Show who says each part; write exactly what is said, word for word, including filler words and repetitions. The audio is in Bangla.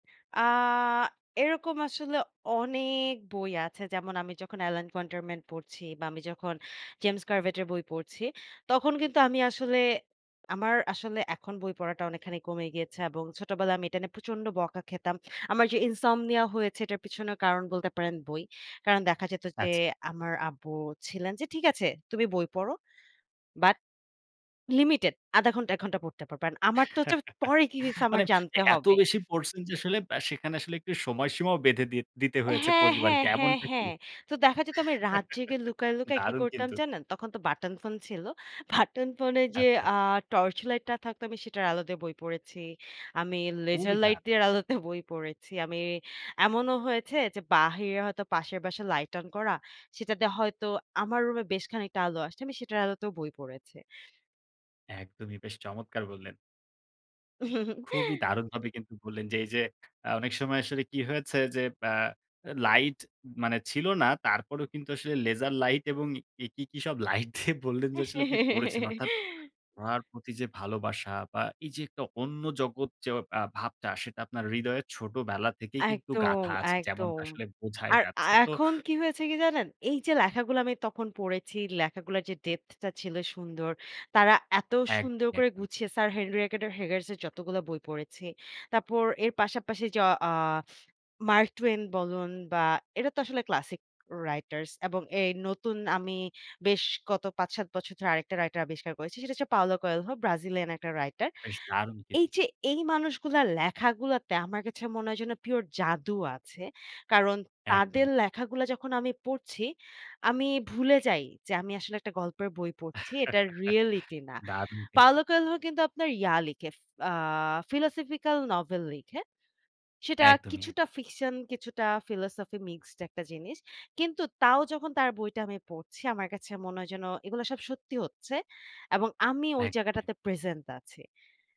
Speaker 1: আ এরকম আসলে অনেক বই আছে। যেমন আমি যখন LN Quarterman পড়ছি বা আমি যখন James Corvette এর বই পড়ছি, তখন কিন্তু আমি আসলে আমার আসলে এখন বই পড়াটা অনেকখানি কমে গিয়েছে। এবং ছোটবেলায় আমি এটা নিয়ে প্রচন্ড বকা খেতাম। আমার যে ইনসমনিয়া হয়েছে এটার পিছনে কারণ বলতে পারেন বই। কারণ দেখা যেত যে
Speaker 2: আচ্ছা।
Speaker 1: আমার আব্বু ছিলেন যে ঠিক আছে তুমি বই পড়ো। But লিমিটেড, আধা ঘন্টা এক ঘন্টা পড়তে পারবা। And আমার তো হচ্ছে পরে কি হইছে আমার
Speaker 2: মানে এ
Speaker 1: জানতে
Speaker 2: এত
Speaker 1: হবে।
Speaker 2: বেশি পড়ছেন যে আসলে আ সেখানে আসলে একটু সময়সীমাও বেঁধে দি দিতে হয়েছে
Speaker 1: হ্যাঁ, হ্যাঁ,
Speaker 2: পরিবারকে
Speaker 1: হ্যাঁ,
Speaker 2: এমনটা কি?
Speaker 1: হ্যাঁ। তো দেখা যেত আমি রাত জেগে লুকায়, লুকায় কি
Speaker 2: দারুণ
Speaker 1: করতাম
Speaker 2: কিন্তু।
Speaker 1: জানেন? তখন তো বাটন ফোন ছিল। বাটন ফোনে যে
Speaker 2: আচ্ছা,
Speaker 1: আ
Speaker 2: আচ্ছা।
Speaker 1: টর্চ লাইটটা থাকতো আমি সেটার আলো দিয়ে বই পড়েছি। আমি লেজার লাইট
Speaker 2: কবিতা।
Speaker 1: দিয়ের আলোতে বই পড়েছি। আমি এমনও হয়েছে যে বাহিরে হয়তো পাশের বাসার লাইট অন করা, সেটাতে হয়তো আমার রুমে বেশ খানিকটা আলো আসছে। আমি সেটার আলোতেও বই পড়েছি।
Speaker 2: একদমই বেশ চমৎকার বললেন। খুবই দারুণভাবে কিন্তু বললেন যে এই যে আ অনেক সময় আসলে কি হয়েছে? যে আ লাইট মানে ছিল না, তারপরেও কিন্তু আসলে লেজার লাইট এবং ই কি, কি সব লাইট দিয়ে বললেন যে আসলে আপনি পড়েছেন। অর্থাৎ পড়ার প্রতি যে ভালোবাসা বা এই যে একটা অন্য জগৎ যে আ ভাবটা, সেটা আপনার হৃদয়ের ছোটবেলা থেকেই কিন্তু
Speaker 1: একদম,
Speaker 2: গাথা আছে। যেমনটা
Speaker 1: একদম।
Speaker 2: আসলে বোঝাই
Speaker 1: আর আ
Speaker 2: যাচ্ছে। তো
Speaker 1: এখন কি হয়েছে কি জানেন? এই যে লেখাগুলো আমি তখন পড়েছি, লেখাগুলার যে depth টা ছিল সুন্দর। তারা এত সুন্দর
Speaker 2: একদমই,
Speaker 1: করে
Speaker 2: একদমই।
Speaker 1: গুছিয়ে Sir Henry Rider Haggard এর যতগুলো বই পড়েছি। তারপর এর পাশাপাশি য অ Mark Twain বলুন বা এরা তো আসলে ক্লাসিক writers এবং এই নতুন আমি বেশ কত পাঁচ-সাত বছর ধরে আরেকটা writer আবিষ্কার করেছি। সেটা হচ্ছে Paulo Coelho, ব্রাজিলিয়ান একটা writer
Speaker 2: বেশ দারুণ কিন্তু।
Speaker 1: এই যে এই মানুষগুলার লেখাগুলোতে আমার কাছে মনে হয় যেন pure জাদু আছে। কারণ তাদের
Speaker 2: একদমই।
Speaker 1: লেখাগুলা যখন আমি পড়ছি, আমি ভুলে যাই যে আমি আসলে একটা গল্পের বই পড়ছি, এটা reality না।
Speaker 2: দারুণ
Speaker 1: Paulo
Speaker 2: কিন্তু।
Speaker 1: Coelho কিন্তু আপনার ইয়া লিখে, ফ আ philosophical novel লিখে। সেটা
Speaker 2: একদমই,
Speaker 1: কিছুটা
Speaker 2: একদম।
Speaker 1: fiction কিছুটা philosophy মিক্সড একটা জিনিস। কিন্তু তাও যখন তার বইটা আমি পড়ছি আমার কাছে মনে হয় যেন এগুলো সব সত্যি হচ্ছে। এবং আমি ওই
Speaker 2: একদমই এক
Speaker 1: জায়গাটাতে present আছি।